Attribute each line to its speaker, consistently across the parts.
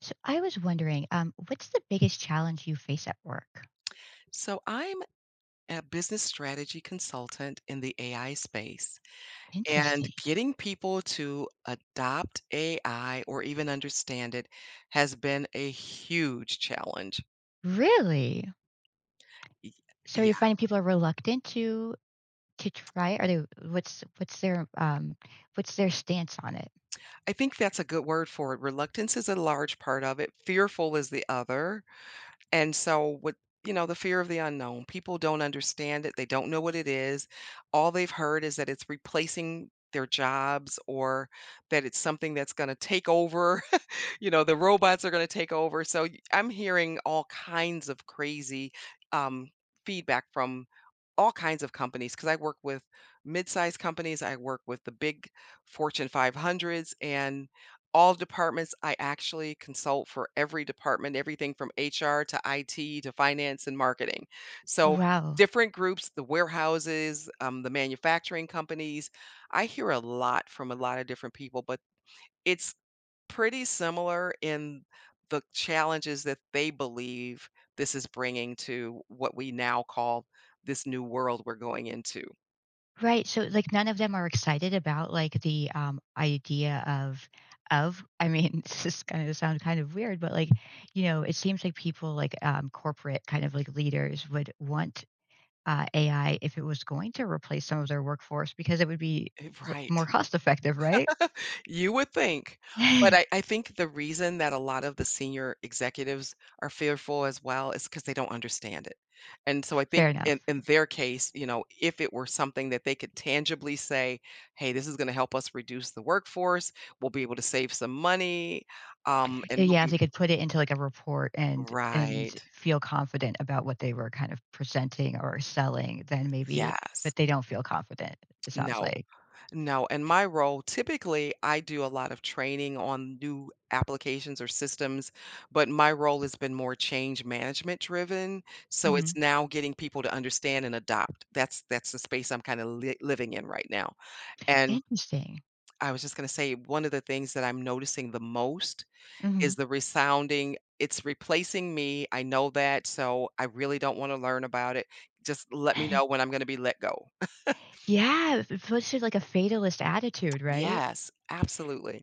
Speaker 1: So, I was wondering, um, what's the biggest challenge you face at work?
Speaker 2: So, I'm a business strategy consultant in the AI space, and
Speaker 1: Interesting.
Speaker 2: getting people to adopt AI or even understand it has been a huge challenge.
Speaker 1: Really?
Speaker 2: Y
Speaker 1: So, you're
Speaker 2: yeah.
Speaker 1: finding people are reluctant to to try it? Are they what's what's their, um what's their stance on it?
Speaker 2: I think that's a good word for it, reluctance is a large part of it, fearful is the other. And so, with you know, the fear of the unknown, people don't understand it, they don't know what it is. All they've heard is that it's replacing their jobs or that it's something that's gonna take over. You know, the robots are gonna take over, so y I'm hearing all kinds of crazy, um, feedback from all kinds of companies, 'cause I work with mid-size companies, I work with the big Fortune 500s and all departments, I actually consult for every department, everything from HR to IT to finance and marketing, so
Speaker 1: Wow.
Speaker 2: different groups, the warehouses, um, the manufacturing companies. I hear a lot from a lotta different people, but it's pretty similar in the challenges that they believe this is bringing to what we now call this new world we're going into.
Speaker 1: Right, so, like, none of them are excited about, like, the, um, idea of of I mean, this is gonna sound kind of weird, but, like, you know, it seems like people, like, um, corporate kind of, like, leaders would want, uh, AI if it was going to replace some of their workforce because it would be
Speaker 2: It
Speaker 1: l more
Speaker 2: right.
Speaker 1: cost-effective, right?
Speaker 2: You would think, but I I think the reason that a lot of the senior executives are fearful as well is 'cause they don't understand it. And so I
Speaker 1: Fair
Speaker 2: think
Speaker 1: enough,
Speaker 2: in in
Speaker 1: you
Speaker 2: their case, you know, if it were something that they could tangibly say, "Hey, this is gonna help us reduce the workforce, we'll be able to save some money, um, and we'll
Speaker 1: Yeah, if
Speaker 2: be"
Speaker 1: they could put it into, like, a report and and
Speaker 2: Right.
Speaker 1: feel confident about what they were kind of presenting or or selling, then maybe but
Speaker 2: Yes.
Speaker 1: they don't feel confident, it sounds
Speaker 2: No.
Speaker 1: like.
Speaker 2: No, in my role, typically, I do a lot of training on new applications or systems, but my role has been more change-management driven, so
Speaker 1: Mhm.
Speaker 2: it's now getting people to understand and adopt, that's that's the space I'm kind of li living in right now. And
Speaker 1: Interesting.
Speaker 2: I was just gonna say, one of the things that I'm noticing the most is
Speaker 1: Mhm.
Speaker 2: the resounding, "It's replacing me, I know that, so I really don't wanna learn about it, just let me know when I'm gonna be let go."
Speaker 1: Yeah, especially, like, a fatalist attitude, right?
Speaker 2: Yes, absolutely.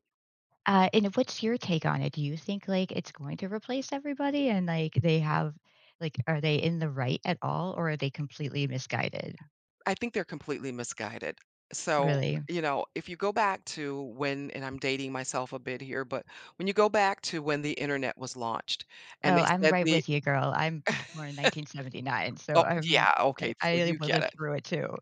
Speaker 1: Uh, and what's your take on it? Do you think, like, it's going to replace everybody, and, like, they have like, are they in the right at all, or are they completely misguided?
Speaker 2: I think they're completely misguided. So,
Speaker 1: Really?
Speaker 2: you know, if you go back to when and I'm dating myself a bit here, but when you go back to when the internet was launched and
Speaker 1: Oh,
Speaker 2: they
Speaker 1: I'm
Speaker 2: said
Speaker 1: right
Speaker 2: the
Speaker 1: with you, girl, I'm born in 1979, so
Speaker 2: oh,
Speaker 1: I'm
Speaker 2: yeah,
Speaker 1: I
Speaker 2: okay, so
Speaker 1: I
Speaker 2: you get it.
Speaker 1: lived through it too.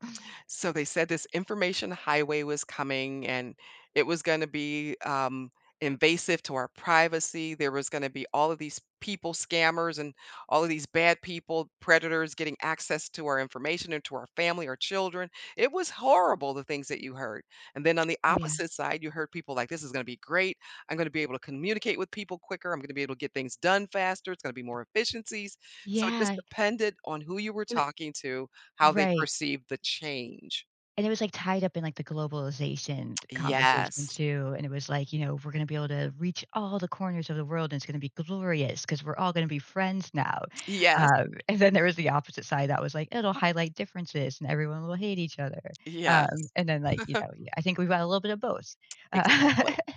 Speaker 2: So they said this information highway was coming, and it was gonna be, um, invasive to our privacy, there was gonna be all of these people, scammers, and all of these bad people predators getting access to our information and to our family, our children it was horrible the things that you heard, and then on the
Speaker 1: Oh, yeah.
Speaker 2: opposite side, you heard people like, "This is gonna be great, I'm gonna be able to communicate with people quicker, I'm gonna be able to get things done faster, it's gonna be more efficiencies." So, it just
Speaker 1: Yeah.
Speaker 2: depended on who you were
Speaker 1: I
Speaker 2: talking to, how they
Speaker 1: right.
Speaker 2: perceived the change.
Speaker 1: And it was, like, tied up in, like, the globalization conversation
Speaker 2: Yes.
Speaker 1: too, and it was like, you know, "We're gonna be able to reach all the corners of the world, and it's gonna be glorious 'cause we're all gonna be friends now."
Speaker 2: Yes.
Speaker 1: Um, and then there was the opposite side that was like, "It'll highlight differences, and everyone will hate each other," um,
Speaker 2: Yes.
Speaker 1: and then, like, you know, eh, I think we got a little bit of both.
Speaker 2: Exactly.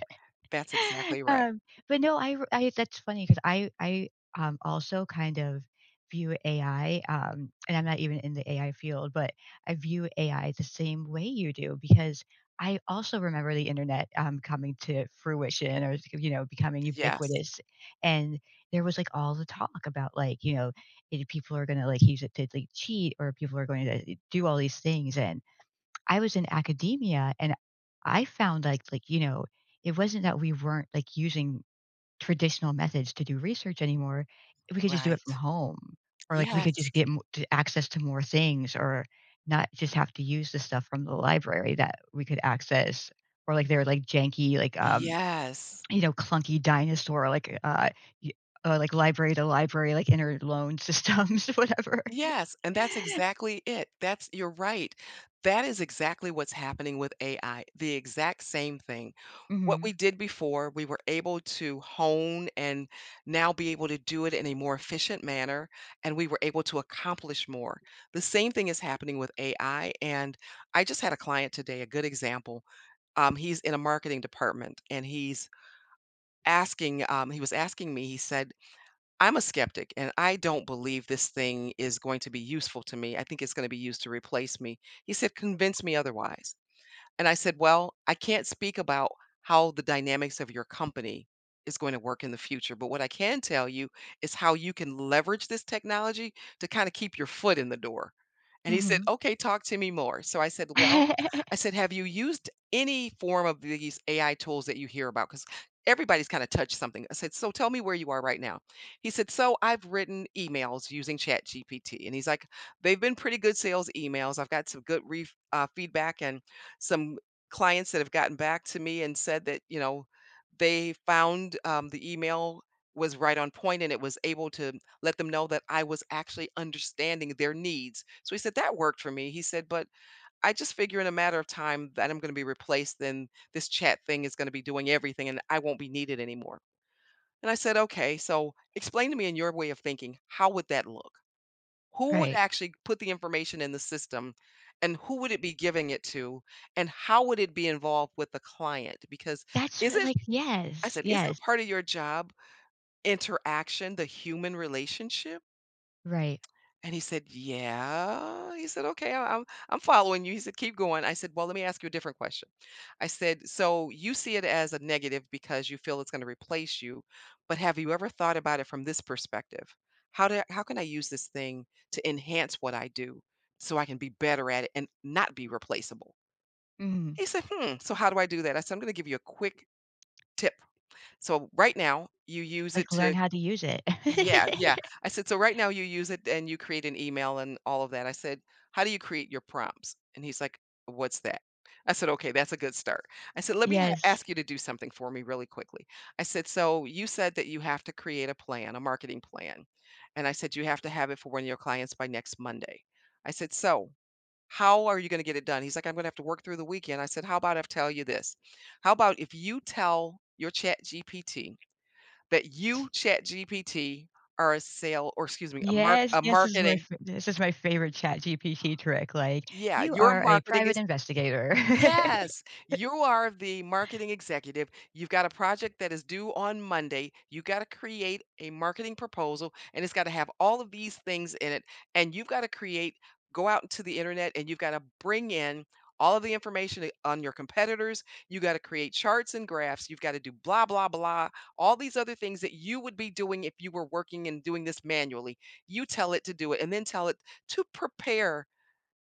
Speaker 2: That's exactly right.
Speaker 1: Um, but no, I r I that's funny 'cause I I, um, also kind of view AI, um, and I'm not even in the AI field, but I view AI the same way you do because I also remember the internet, um, coming to fruition or, th you know, becoming
Speaker 2: Yes.
Speaker 1: ubiquitous, and there was, like, all the talk about, like, you know, either people are gonna, like, use it to, like, cheat, or people are going eh, to do all these things, and I was in academia, and I found, like like, you know, it wasn't that we weren't, like, using traditional methods to do research anymore, we could just do it from
Speaker 2: Right.
Speaker 1: home. Or, like, we could just
Speaker 2: Yes.
Speaker 1: get m t access to more things or not just have to use the stuff from the library that we could access. Or, like, their, like, janky, like, um,
Speaker 2: Yes.
Speaker 1: you know, clunky dinosaur, like, uh, uh, y like, library-to-library, like, interloan systems, whatever.
Speaker 2: Yes, and that's exactly it. That's you're right, that is exactly what's happening with AI, the exact same thing. What
Speaker 1: Mhm.
Speaker 2: we did before, we were able to hone and now be able to do it in a more efficient manner, and we were able to accomplish more. The same thing is happening with AI, and I just had a client today, a good example, um, he's in a marketing department, and he's asking, um he was asking me, he said, "I'm a skeptic, and I don't believe this thing is going to be useful to me, I think it's gonna be used to replace me." He said, "Convince me otherwise," and I said, "Well, I can't speak about how the dynamics of your company is going to work in the future, but what I can tell you is how you can leverage this technology to kinda keep your foot in the door," and he said,
Speaker 1: Mhm.
Speaker 2: "Okay, talk to me more," so I said, "Well," I said, "Have you used any form of th these AI tools that you hear about?, 'cause everybody's kind of touched something". I said, "So tell me where you are right now." He said, "So, I've written emails using ChatGPT," and he's like, "They've been pretty good sales emails, I've got some good ref uh, feedback and some clients that have gotten back to me and said that, you know, they found, um, the email was right on point and it was able to let them know that I was actually understanding their needs". So he said, "That worked for me." He said, "But, I just figure in a matter of time that I'm gonna be replaced, then this chat-thing is gonna be doing everything and I won't be needed anymore," and I said, "Okay, so explain to me in your way of thinking, how would that look? Who would
Speaker 1: Right.
Speaker 2: actually put the information in the system, and who would it be giving it to, and how would it be involved with the client? Because
Speaker 1: That's
Speaker 2: is
Speaker 1: what
Speaker 2: it"
Speaker 1: like,
Speaker 2: I
Speaker 1: yes.
Speaker 2: said, "...isn't
Speaker 1: Yes.
Speaker 2: part of your job interaction, the human relationship?"
Speaker 1: Right.
Speaker 2: And he said, "Yeah," he said, "Okay, I'm I'm I'm following you." He said, "Keep going." I said, "Well, let me ask you a different question." I said, "So you see it as a negative because you feel it's gonna replace you, but have you ever thought about it from this perspective? How do how can I use this thing to enhance what I do, so I can be better at it and not be replaceable?"
Speaker 1: Mhm.
Speaker 2: He said, "Hmm, so how do I do that?" I said, "I'm gonna give you a quick tip, so right now you use it
Speaker 1: Like learn
Speaker 2: to"
Speaker 1: how to use it.
Speaker 2: Yeah yeah. I said, "So right now you use it and you create an email and all of that." I said, "How do you create your prompts?" And he's like, "What's that?" I said, "Okay, that's a good start." I said, "Let me a
Speaker 1: Yes.
Speaker 2: ask you to do something for me really quickly." I said, "So, you said that you have to create a plan, a marketing plan," and I said, "You have to have it for one of your clients by next Monday." I said, "So, how are you gonna get it done?" He's like, "I'm gonna have to work through the weekend." I said, "How about I tell you this? How 'bout if you tell your ChatGPT that 'you, ChatGPT, are a sale' or excuse me, 'a mark
Speaker 1: Yes!
Speaker 2: a
Speaker 1: This is my
Speaker 2: marketing'"
Speaker 1: f this is my favorite ChatGPT trick, like,
Speaker 2: Yeah,
Speaker 1: "You
Speaker 2: your
Speaker 1: are a
Speaker 2: marketing
Speaker 1: private
Speaker 2: is,
Speaker 1: investigator."
Speaker 2: [unintelligible] yes! "You are the marketing executive, you've got a project that is due on Monday, you gotta create a marketing proposal, and it's gotta have all of these things in it, and you've gotta create go out into the internet and you've gotta bring in all of the information, eh, on your competitors, you gotta create charts and graphs, you've gotta do blah, blah, blah, all these other things that you would be doing if you were working and doing this manually. You tell it to do it and then tell it to prepare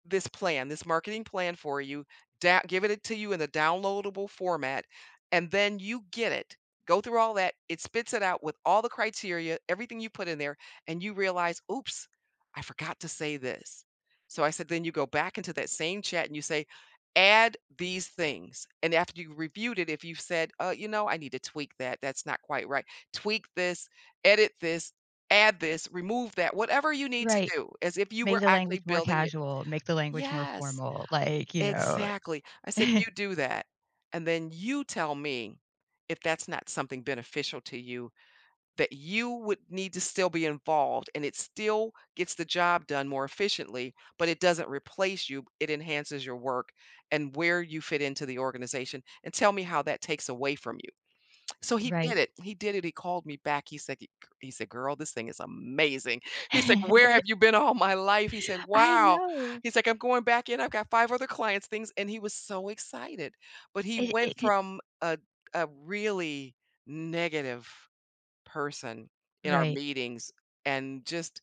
Speaker 2: this plan, this marketing plan for you, dow give it to you in a downloadable format, and then you get it. Go through all that, it spits it out with all the criteria, everything you put in there, and you realize, 'Oops, I forgot to say this'" So I said, "Then you go back into that same chat and you say, 'Add these things,' and after you've reviewed it, if you've said, 'Uh, you know, I need to tweak that, that's not quite right', tweak this, edit this, add this, remove that, whatever you need to
Speaker 1: Right.
Speaker 2: do as if you
Speaker 1: "Make
Speaker 2: were
Speaker 1: the
Speaker 2: actually
Speaker 1: language more
Speaker 2: building it"
Speaker 1: casual, make the language more
Speaker 2: Yes!
Speaker 1: formal." Like, you know.
Speaker 2: Exactly. I said, "You do that, and then you tell me if that's not something beneficial to you, that you would need to still be involved and it still gets the job done more efficiently, but it doesn't replace you, b it enhances your work and where you fit into the organization, and tell me how that takes away from you." So he
Speaker 1: Right.
Speaker 2: did it. He did it, he called me back, he said g c he said, "Girl, this thing is amazing." He's like, "Where have you been all my life?" He said,
Speaker 1: I
Speaker 2: "Wow."
Speaker 1: know!
Speaker 2: He's like, "I'm going back in, I've got 5 other clients, things," and he was so excited. But he
Speaker 1: It
Speaker 2: went
Speaker 1: it could
Speaker 2: from a d a really negative person in our
Speaker 1: Right.
Speaker 2: meetings and just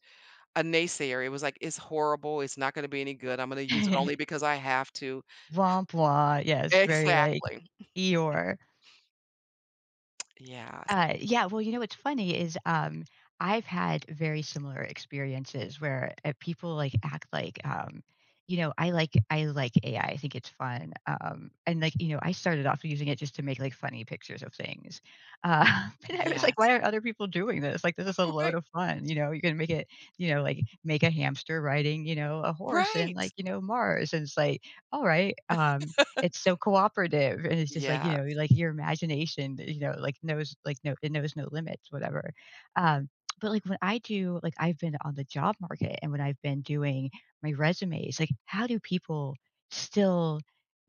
Speaker 2: a naysayer, he was like, "It's horrible, it's not gonna be any good, I'm gonna use it only because I have to."
Speaker 1: [unintelligible] Yes, very like
Speaker 2: Exactly.
Speaker 1: Eeyore.
Speaker 2: Yes.
Speaker 1: Uh, yeah, well, you know what's funny is, um, I've had very similar experiences where, uh, people, like, act like, um, you know, I like I like AI, I think it's fun, um, and like, you know, I started off using it just to make, like, funny pictures of things. Uh, but I was like,
Speaker 2: Yes.
Speaker 1: "Why aren't other people doing this?" Like, this is a
Speaker 2: All
Speaker 1: load
Speaker 2: right.
Speaker 1: of fun, you know, you can make it you know, like make a hamster riding, you know, a horse in,
Speaker 2: Right.
Speaker 1: like, you know, Mars. And it's like, all right, um, it's so cooperative, and it's just like you know,
Speaker 2: Yes.
Speaker 1: like, your imagination, you know, like knows like know it knows no limits, whatever, um, but, like, when I do like, I've been on the job market, and when I've been doing my resumes, like, how do people still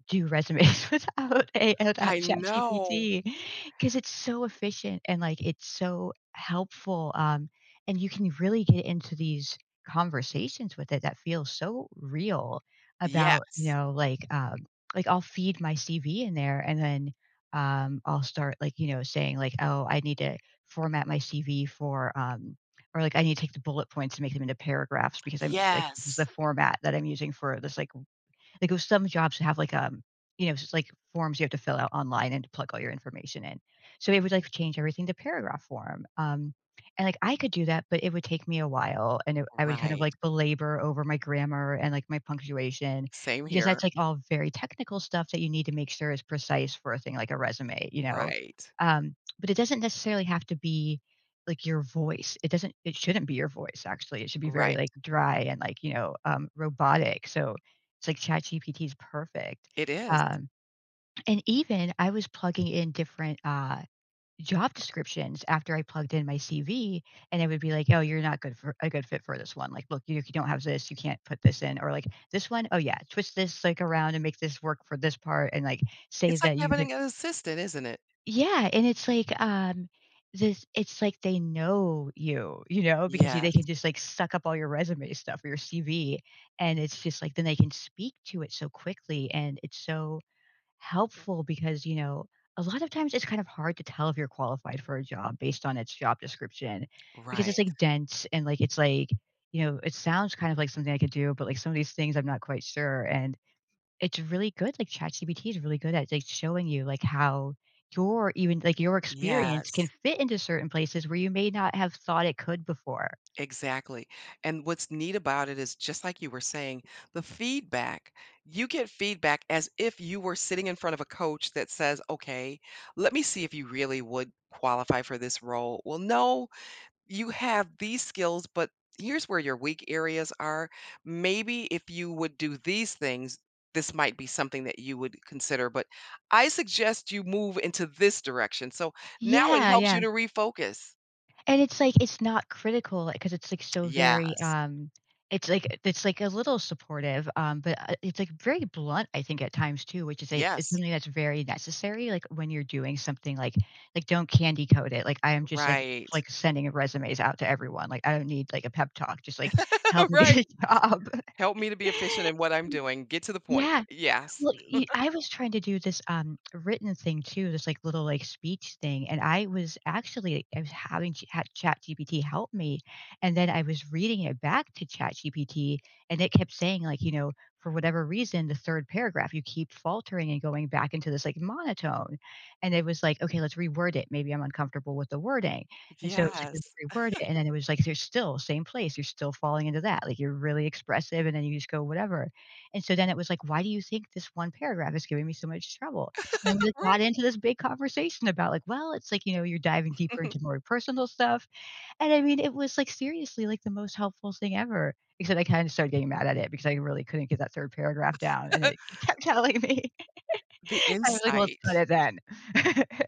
Speaker 1: do resumes without a without
Speaker 2: I know.
Speaker 1: ChatGPT? 'Cause it's so efficient, and, like, it's so helpful, um, and you can really get into these conversations with it that feel so real about, you
Speaker 2: Yes.
Speaker 1: know, like, um, like, I'll feed my CV in there, and then, um, I'll start like, you know, saying like, "Oh, I need to format my CV for, um" Or, like, "I need to take the bullet points and make them into paragraphs," because I'm, like, this is the
Speaker 2: Yes.
Speaker 1: format that I'm using for this like like with some jobs have like, um, you know, just like forms you have to fill out online, and plug all your information in, so, it would, like, change everything to paragraph form, um, and like I could do that, but it would take me a while, and it I would kind of,
Speaker 2: Right.
Speaker 1: like, belabor over my grammar, and, like, my punctuation.
Speaker 2: Same
Speaker 1: Because
Speaker 2: here.
Speaker 1: that's, like, all very technical stuff that you need to make sure is precise for a thing, like, a resume, you know,
Speaker 2: Right.
Speaker 1: um, but, it doesn't necessarily have to be, like, your voice, it doesn't, it shouldn't be your voice, actually, it should be very,
Speaker 2: Right.
Speaker 1: like, dry and, like, you know, um, robotic, so it's like ChatGPT is perfect.
Speaker 2: It is.
Speaker 1: Um, and even I was plugging in different, uh, job descriptions after I plugged in my CV, and it would be like, "Oh, you're not good for a good fit for this one, like, look, you know, if you don't have this, you can't put this in." Or like, "This one, oh yeah, twist this, like, around, and make this work for this part, and, like, say
Speaker 2: It's like
Speaker 1: that you can"
Speaker 2: having an assistant, isn't it.
Speaker 1: Yeah, and it's like um, this it's like they know you you know, because they
Speaker 2: Yes.
Speaker 1: can just like suck up all your resume stuff or your CV, and it's just like then they can speak to it so quickly, and it's, so, helpful because, you know, a lot of times it's kind of hard to tell if you're qualified for a job based on its job description. Because
Speaker 2: Right.
Speaker 1: it's, like, dense and, like it's, like, you know, it sounds, kind of like, something I could do, but, like, some of these things I'm not quite sure, and it's really good like, ChatGPT is really good at, like, showing you, like, how your, even like, your experience can
Speaker 2: Yes.
Speaker 1: fit into certain places where you may not have thought it could before.
Speaker 2: Exactly, and what's neat about it is, just like, you were saying, the feedback, you get feedback as if you were sitting in front of a coach that says, "Okay, let me see if you really would qualify for this role. Well, no, you have these skills, but here's where your weak areas are, maybe if you would do these things, this might be something that you would consider. But I suggest you move into this direction." So now it
Speaker 1: Yeah,
Speaker 2: helps you
Speaker 1: yeah.
Speaker 2: to refocus.
Speaker 1: And it's, like, it's not critical, like 'cause it's like so very,
Speaker 2: Yes.
Speaker 1: um It's like it's like a little supportive, um, but, uh, it's like very blunt I think at times too, which is a it's
Speaker 2: Yes.
Speaker 1: something that's very necessary, like when you're doing something like like don't candy coat it, like I am just like
Speaker 2: Right.
Speaker 1: like sending resumes out to everyone. Like I don't need like a pep talk. Just like help me get
Speaker 2: Right.
Speaker 1: a job.
Speaker 2: Help me to be efficient in what I'm doing. Get to the point.
Speaker 1: Yeah.
Speaker 2: Yes.
Speaker 1: Well, y I was trying to do this, um, written thing too, this, like, little, like, speech thing, and I was actually, i having Ch had ChatGPT help me, and then I was reading it back to ChatGPT, and it kept saying like, you know, "For whatever reason, the 3rd paragraph, you keep faltering and going back into this like monotone." And it was like, "Okay, let's reword it." Maybe I'm uncomfortable with the wording. And so it like,"
Speaker 2: Yes.
Speaker 1: [unintelligible] reword it." And then it was like, "You're still same place; you're still falling into that, like you're really expressive, and then you just go whatever." And so then it was like, "Why do you think this 1 paragraph is giving me so much trouble?" And then we like
Speaker 2: Right.
Speaker 1: got into this big conversation about like, "Well, it's like, you know, you're diving deeper into more personal stuff" and I mean, it was like seriously like the most helpful thing ever except I kinda started getting mad at it because I really couldn't get that 3rd paragraph down, and it kept telling me
Speaker 2: The
Speaker 1: I was like, "Well, screw
Speaker 2: insight.
Speaker 1: it then."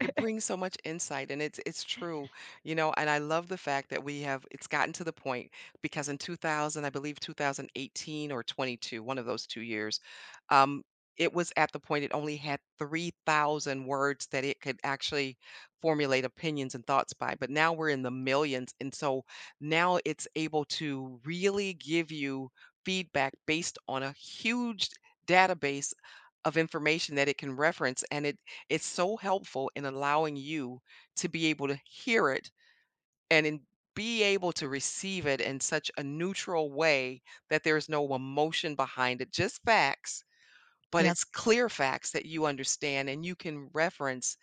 Speaker 2: It brings so much insight, and it's it's true, you know, and I love the fact that we have it's gotten to the point because in 2000, I believe 2018 or '22 one of those 2 years, um, it was at the point it only had 3,000 words that it could actually formulate opinions and thoughts by, but now we're in the millions, and so now it's able to really give you feedback based on a huge database of information that it can reference. And it it's so helpful in allowing you to be able to hear it and in be able to receive it in such a neutral way that there's no emotion behind it, just facts, but
Speaker 1: Yep.
Speaker 2: it's clear facts that you understand, and you can reference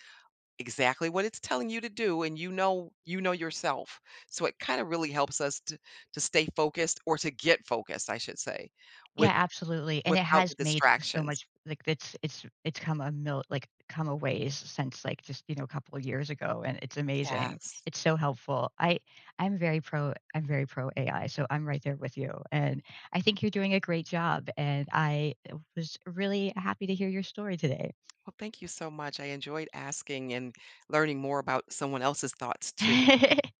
Speaker 2: exactly what it's telling you to do, and you know you know yourself. So it kind of really helps us to to stay focused or to get focused, I should say, with
Speaker 1: Yeah, absolutely. And it
Speaker 2: without
Speaker 1: has
Speaker 2: the
Speaker 1: made so
Speaker 2: distractions.
Speaker 1: much Like it's it's it's come a mil like come a ways since like just, you know, couple years ago, and it's amazing.
Speaker 2: Yes.
Speaker 1: It's so helpful. I I'm very pro I'm very pro AI, so I'm right there with you, and I think you're doing a great job, and I was really happy to hear your story today.
Speaker 2: Well, thank you so much. I enjoyed asking and learning more about someone else's thoughts too.